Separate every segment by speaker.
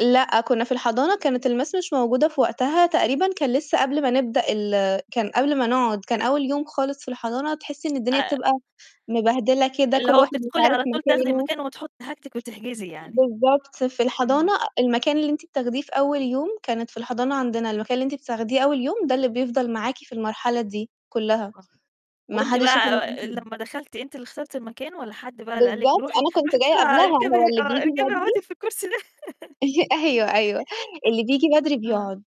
Speaker 1: لأ، كُنّا في الحضانة كانت الMiss مش موجودة في وقتها تقريبًا كان لسّه قبل ما نبدأ ال كان قبل ما نقعد، كان أول يوم خالص في الحضانة، تحسّي إن الدنيا
Speaker 2: آآ
Speaker 1: بتبقى مبهدلة كده
Speaker 2: اللي
Speaker 1: كل
Speaker 2: هو
Speaker 1: واحد مش
Speaker 2: تدخلي
Speaker 1: عارف
Speaker 2: على طول تاخدي
Speaker 1: مكانه.
Speaker 2: مكان وتحُطي حاجتِك وتحجزي يعني.
Speaker 1: بالضبط، في الحضانة
Speaker 2: إمم.
Speaker 1: المكان اللي أنتِ بتاخديه في أول يوم كانت في الحضانة عندنا، المكان اللي أنتِ بتاخديه أول يوم ده اللي بيفضل معاكِ في المرحلة دي كُلّها،
Speaker 2: آه،
Speaker 1: ما
Speaker 2: وأنتِ
Speaker 1: حدّش ياخُد
Speaker 2: بقى
Speaker 1: [unintelligible]
Speaker 2: لمّا دخلتِ أنتِ اللي اخترتِ المكان والّا حد بقى اللي قال لِك
Speaker 1: بالضبط،
Speaker 2: روحي
Speaker 1: أنا كنت
Speaker 2: روحي
Speaker 1: جاية
Speaker 2: بسرعة
Speaker 1: قبلها،
Speaker 2: اركبي
Speaker 1: هو
Speaker 2: آه،
Speaker 1: اللي بييجي
Speaker 2: اركبي
Speaker 1: بدري
Speaker 2: أقعدي في الكرسي ده.
Speaker 1: أيوه، أيوه، اللي بييجي بدري
Speaker 2: آه،
Speaker 1: بيقعد.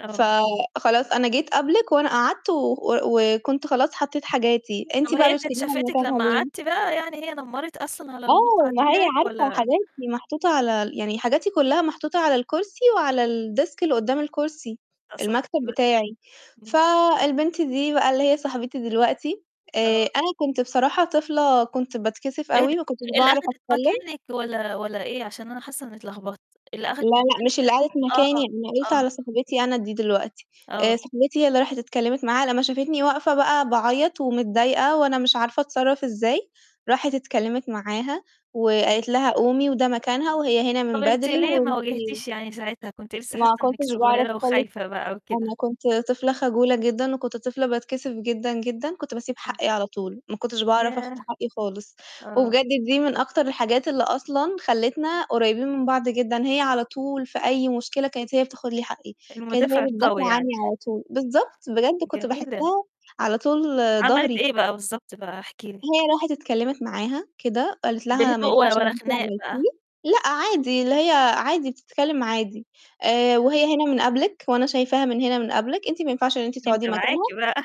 Speaker 2: آه.
Speaker 1: فخلاص أنا جيت قبلِك وأنا قعدت و و وكنت خلاص حطّيت حاجاتي، أنتِ
Speaker 2: طَب
Speaker 1: بقى
Speaker 2: هي كانت
Speaker 1: بتشليها من
Speaker 2: شافتِك
Speaker 1: مكانها
Speaker 2: لمّا
Speaker 1: ليه؟
Speaker 2: قعدتِ بقى يعني هي نمَّرِت أصلًا على
Speaker 1: آه،
Speaker 2: المقعد
Speaker 1: ما هي
Speaker 2: بتاعِك
Speaker 1: عارفة
Speaker 2: والّا
Speaker 1: حاجاتي محطوطة على ال يعني حاجاتي كُلّها محطوطة على الكرسي وعلى الديسك اللي قُدّام الكرسي المكتب
Speaker 2: [unintelligible]
Speaker 1: بتاعي.
Speaker 2: إمم.
Speaker 1: فالبنت دي بقى اللي هي صاحبتي دلوقتي، آآ
Speaker 2: آه.
Speaker 1: أنا كنت بصراحة طفلة كنت باتكسف
Speaker 2: إيه د
Speaker 1: أوي ما كنتش
Speaker 2: اللي
Speaker 1: باعرف
Speaker 2: أخدِت
Speaker 1: أتكلِّم.
Speaker 2: مكانِك والّا والّا إيه عشان أنا حاسّة إنّي اتلخبطت؟ اللي
Speaker 1: لا،
Speaker 2: أخدِت
Speaker 1: لأ،
Speaker 2: مكانِك
Speaker 1: مش اللي
Speaker 2: [unintelligible]
Speaker 1: قعدت
Speaker 2: آه،
Speaker 1: مكاني، أنا قُلت
Speaker 2: آه.
Speaker 1: على صاحبتي أنا دي دلوقتي،
Speaker 2: آه.
Speaker 1: آآ صاحبتي هي اللي راحت اتكلِّمت معاها لمّا شافتني واقفة بقى باعيّط ومتضايقة، وأنا مش عارفة أتصرّف إزاي، راحت اتكلِّمت معاها وقالت لها: "قومي وده مكانها، وهي هنا من
Speaker 2: طَب أنتِ
Speaker 1: بدري
Speaker 2: ليه ما
Speaker 1: وأنتِ"
Speaker 2: وجهتيش يعني ساعتها؟ كنتِ لسّه حاسّة
Speaker 1: ما
Speaker 2: إنِّك
Speaker 1: كنتش باعرف
Speaker 2: صغيرة
Speaker 1: خالص،
Speaker 2: وخايفة بقى وكده.
Speaker 1: أنا كنت طفلة خجولة جدًا وكنت طفلة باتكسف جدًا، جدًا، كنت بسيب
Speaker 2: إمم.
Speaker 1: حقّي على طول ما كنتش باعرف آخُد
Speaker 2: ياه!
Speaker 1: حقّي خالص.
Speaker 2: آه.
Speaker 1: وبجد دي من أكتر الحاجات اللي أصلًا خلّتنا قريّبين من بعض جدًا، هي على طول في أي مشكلة كانت هي بتاخد لي حقّي، كانت
Speaker 2: المُدافع
Speaker 1: هي
Speaker 2: القوي
Speaker 1: بتدافع عني
Speaker 2: يعني.
Speaker 1: على طول، بالضبط، بجد كنت
Speaker 2: جميلة.
Speaker 1: باحسّها على طول
Speaker 2: عملتِ
Speaker 1: ضهري.
Speaker 2: إيه بقى بالضبط بقى احكي لي؟
Speaker 1: هي راحت اتكلِّمت معاها كده وقالت لها: "ما
Speaker 2: بهدوء و
Speaker 1: ينفعش اللي
Speaker 2: ولا
Speaker 1: أنتِ
Speaker 2: خناق بقى.
Speaker 1: عملتيه." لأ، عادي اللي هي عادي بتتكلِّم عادي. آآ
Speaker 2: [unintelligible]
Speaker 1: "وهي هنا من قبلِك وأنا شايفاها من هنا من قبلِك، أنت ما ينفعش إن أنتِ
Speaker 2: دي
Speaker 1: تقعدي
Speaker 2: متابعاكِ
Speaker 1: مكانها،"
Speaker 2: بقى.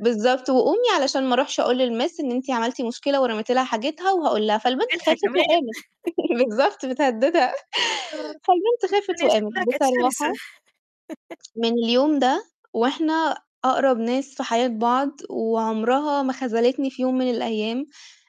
Speaker 1: بالضبط، "وقومي علشان ما أروحش أقول للMiss إن أنتِ عملتِ مشكلة ورميتِ لها حاجتها وهاقول لها."
Speaker 2: [unintelligible]
Speaker 1: فالبنت
Speaker 2: بتضحك
Speaker 1: خافت
Speaker 2: كمان.
Speaker 1: وقامت. بالضبط بتهدّدها،
Speaker 2: آه.
Speaker 1: فالبنت خافت
Speaker 2: [unintelligible]
Speaker 1: وقامت.
Speaker 2: شكلها كانت شرسة.
Speaker 1: بصراحة من اليوم ده وإحنا أقرب ناس في حياة بعض، وعمرها ما خذلتني في يوم من الأيام،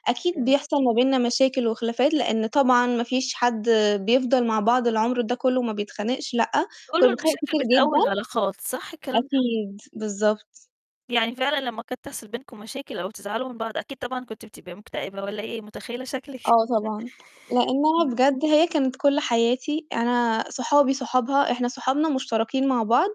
Speaker 1: أكيد
Speaker 2: جميل.
Speaker 1: بيحصل ما بيننا مشاكل وخلافات لإن طبعًا ما فيش حد بيفضل مع بعض العمر ده كُلّه ما بيتخانقش لأ، كُنّا
Speaker 2: بيقولوا
Speaker 1: بنتخانق
Speaker 2: المشاكل
Speaker 1: كتير جدًا،
Speaker 2: بتقوّي العلاقات، صح الكلام ده؟
Speaker 1: أكيد، بالضبط.
Speaker 2: يعني فعلًا لمّا كانت تحصل بينكم مشاكل أو تزعلوا من بعض أكيد طبعًا كنت بتبقي مكتئبة والّا أي، متخيّلة شكلِك
Speaker 1: آه طبعًا، لإنّها
Speaker 2: امم.
Speaker 1: بجد هي كانت كل حياتي، أنا صحابي صحابها، إحنا صحابنا مشتركين مع بعض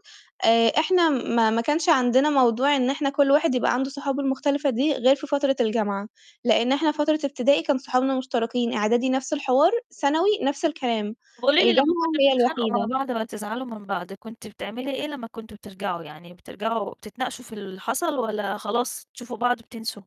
Speaker 1: آآ، إحنا ما ما كانش عندنا موضوع إن إحنا كل واحد يبقى عنده صحابه المختلفة دي غير في فترة الجامعة، لإن إحنا فترة ابتدائي كان صحابنا مشتركين، إعدادي نَفْس الحوار، ثانوي نَفْس الكلام،
Speaker 2: قولي لي لمّا
Speaker 1: الجامعة
Speaker 2: كنتم
Speaker 1: هي
Speaker 2: بتدخلقوا مع
Speaker 1: الوحيدة.
Speaker 2: بعض ما تزعلوا من بعض، كنتِ بتعملي إيه لمّا كنتم بترجعوا؟ يعني بترجعوا بتتناقشوا في اللي حصل والّا خلاص تشوفوا بعض بتنسوا؟